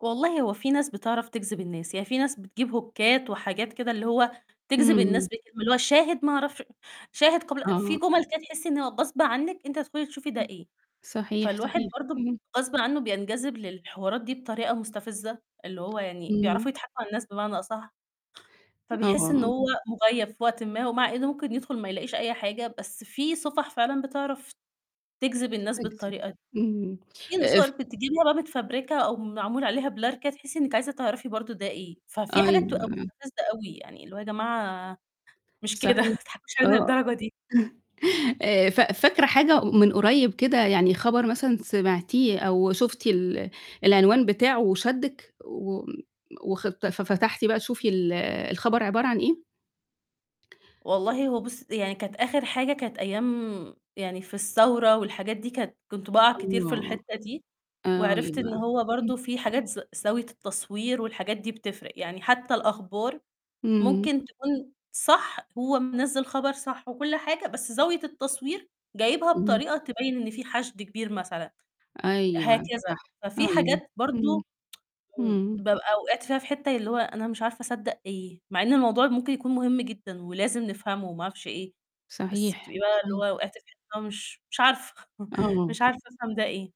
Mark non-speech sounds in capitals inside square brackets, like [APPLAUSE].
والله هو في ناس بتعرف تجذب الناس، يعني في ناس بتجيب هوكات وحاجات كده اللي هو امم، تجذب الناس امم. ب اللي هو شاهد ما أعرفش شاهد قبل في آه. جمل كده تحسّي إن هو غصب عنِك أنتِ هتدخلي تشوفي ده إيه، صحيح، فالواحد صحيح. برضه ب اهم. غصبٍ عنه بينجذب للحوارات دي بطريقة مستفزة، اللي هو يعني امم. بيعرفوا يضحكوا على الناس بمعنى أصح، آه، آه، فبيحس إنه آه. هو مُغيّب في وقتٍ ما، ومع إنه ممكن يدخل ما يلاقيش أي حاجة، بس في صفح فعلًا بتعرف تجذب الناس بتجذب بالطريقة دى. اهم. في آآ، ف صور بتجيبيها بقى متفبركة أو معمول عليها blur كده تحسّي إنِك عايزة تعرفي برضه ده إيه، ففي حاجات أيوه، تبقى آه. مستفزة أوي، يعني اللي هو يا جماعة مش كده ما صحيح تضحكوش علينا آه. للدرجة دي. [CHUCKLES] آآ، ف فاكرة حاجة من قريّب كده، يعني خبر مثلًا سمعتيه أو شُفتِ ال العنوان بتاعه وشدِّك وم وخ ففتحتي بقى تشوفي ال الخبر عبارة عن إيه؟ والله هو بُصّي، يعني كانت آخر حاجة كانت أيام يعني في الثورة والحاجات دي كانت كنت بقع كتير في آه. الحتّة دي آه وعرفت إن يبقى هو اهم. برضه في حاجات ز زاوية التصوير والحاجات دي بتفرِق، يعني حتّى الأخبار إمم. ممكن تكون صح هو منزِّل خبر صح وكلّ حاجة بس زاوية التصوير جايبها اهم. بطريقة تبيّن إن في حشد كبير مثلًا، هكذا أيوه صح، ففي أيوه. حاجات امم، برضه [TSK] م امم. بابقى وقعت فيها في حتّة اللي هو أنا مش عارفة أصدق إيه، مع إن الموضوع ممكن يكون مهم جدًا ولازم نفهمه وما أعرفش إيه، بس صحيح، بتبقي بقى اللي صحيح. هو وقعتِ في حتّة مش مش عارفة [CHUCKLES] آه. مش عارفة أفهم ده إيه.